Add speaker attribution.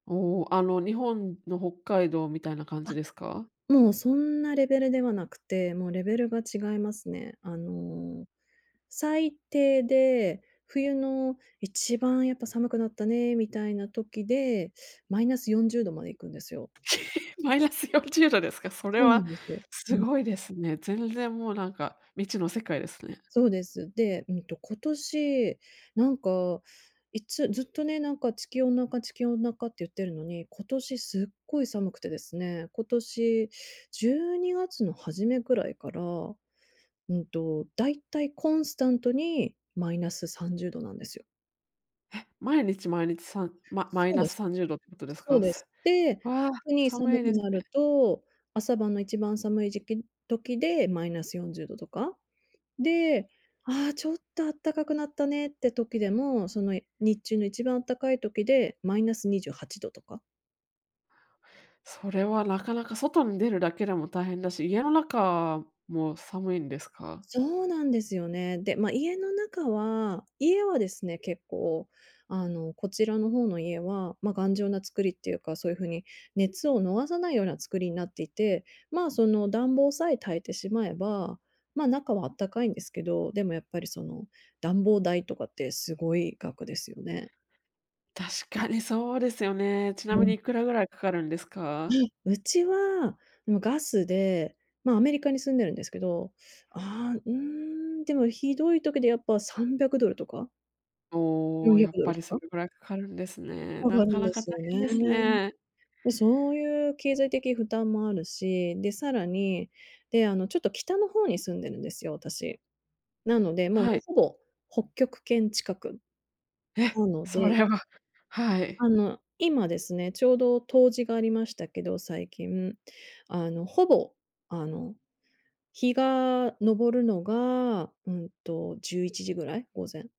Speaker 1: おお、あの、日本の北海道みたいな感じ
Speaker 2: あ、
Speaker 1: ですか？
Speaker 2: もうそんなレベルではなくて、もうレベルが違いますね。あの、最低で、冬の一番やっぱ寒くなったね、みたいな時で、マイナス40度まで行くんですよ。
Speaker 1: マイナス40度ですか？それ
Speaker 2: そうな
Speaker 1: は
Speaker 2: んですよ。う
Speaker 1: す
Speaker 2: ん。
Speaker 1: ごいですね。全然もうなんか未知の世界ですね。
Speaker 2: そうです。で、うんと今年、なんか、いつずっとね、なんか地球温暖化、地球温暖化って言ってるのに、今年すっごい寒くてですね、今年12月の始めぐらいから、うんと、大体コンスタントにマイナス30度なんですよ。
Speaker 1: え、毎日、毎日さんママイ
Speaker 2: そう
Speaker 1: ナ
Speaker 2: で
Speaker 1: ス
Speaker 2: す。
Speaker 1: さんじゅうどってことです
Speaker 2: そう
Speaker 1: か？
Speaker 2: です。
Speaker 1: す
Speaker 2: で、
Speaker 1: わあ、
Speaker 2: 特に
Speaker 1: 寒
Speaker 2: 寒
Speaker 1: い
Speaker 2: く
Speaker 1: です
Speaker 2: な
Speaker 1: ね。
Speaker 2: ると、朝晩の一番寒い時期時でマイナス40度とか。で、ああ、ちょっと、あったかくなったねって時でも、その日中の一番あったかい時でマイナス28度とか。
Speaker 1: それはなかなか外に出るだけでも大変だし、家の中も寒いんですか？
Speaker 2: そうなんですよね。で、ま、家の中は、家はですね、結構、あの、こちらの方の家は、ま、頑丈な作りっていうか、そういう風に熱を逃さないような作りなっていて、ま、その暖房さえ焚いてしまえば、ま、中はあったかいんですけど、でもやっぱりその、暖房代とかってすごい額ですよね。
Speaker 1: 確かにそうですよね。ちなみ
Speaker 2: う
Speaker 1: に
Speaker 2: ん。
Speaker 1: いくらぐらいかかるんです
Speaker 2: あ
Speaker 1: か？
Speaker 2: い、うちは、もうガスで、ま、アメリカに住んでるんですけど、あ、うーん、でもひどい時でやっぱ300ドルとか
Speaker 1: お
Speaker 2: よん
Speaker 1: お、
Speaker 2: ひゃ
Speaker 1: やっ
Speaker 2: くド
Speaker 1: ぱ
Speaker 2: ル
Speaker 1: り
Speaker 2: と
Speaker 1: そ
Speaker 2: か
Speaker 1: れぐらいかかるんですね。
Speaker 2: か
Speaker 1: な
Speaker 2: かる
Speaker 1: か
Speaker 2: ん
Speaker 1: な
Speaker 2: で
Speaker 1: か大
Speaker 2: すよ
Speaker 1: 変
Speaker 2: ね。
Speaker 1: ですね。
Speaker 2: で、そういう経済的負担もあるし、で、さらに、で、あの、ちょっと北の方に住んでるんですよ、私。なので、もう
Speaker 1: はい。
Speaker 2: ほぼ、北極圏近く。
Speaker 1: え、
Speaker 2: なの
Speaker 1: そ
Speaker 2: で
Speaker 1: れははい。
Speaker 2: あの、今ですね、ちょうど冬至がありましたけど、最近、あの、ほぼ、あの、日が昇るのが、うんと、11時ぐらい、午前。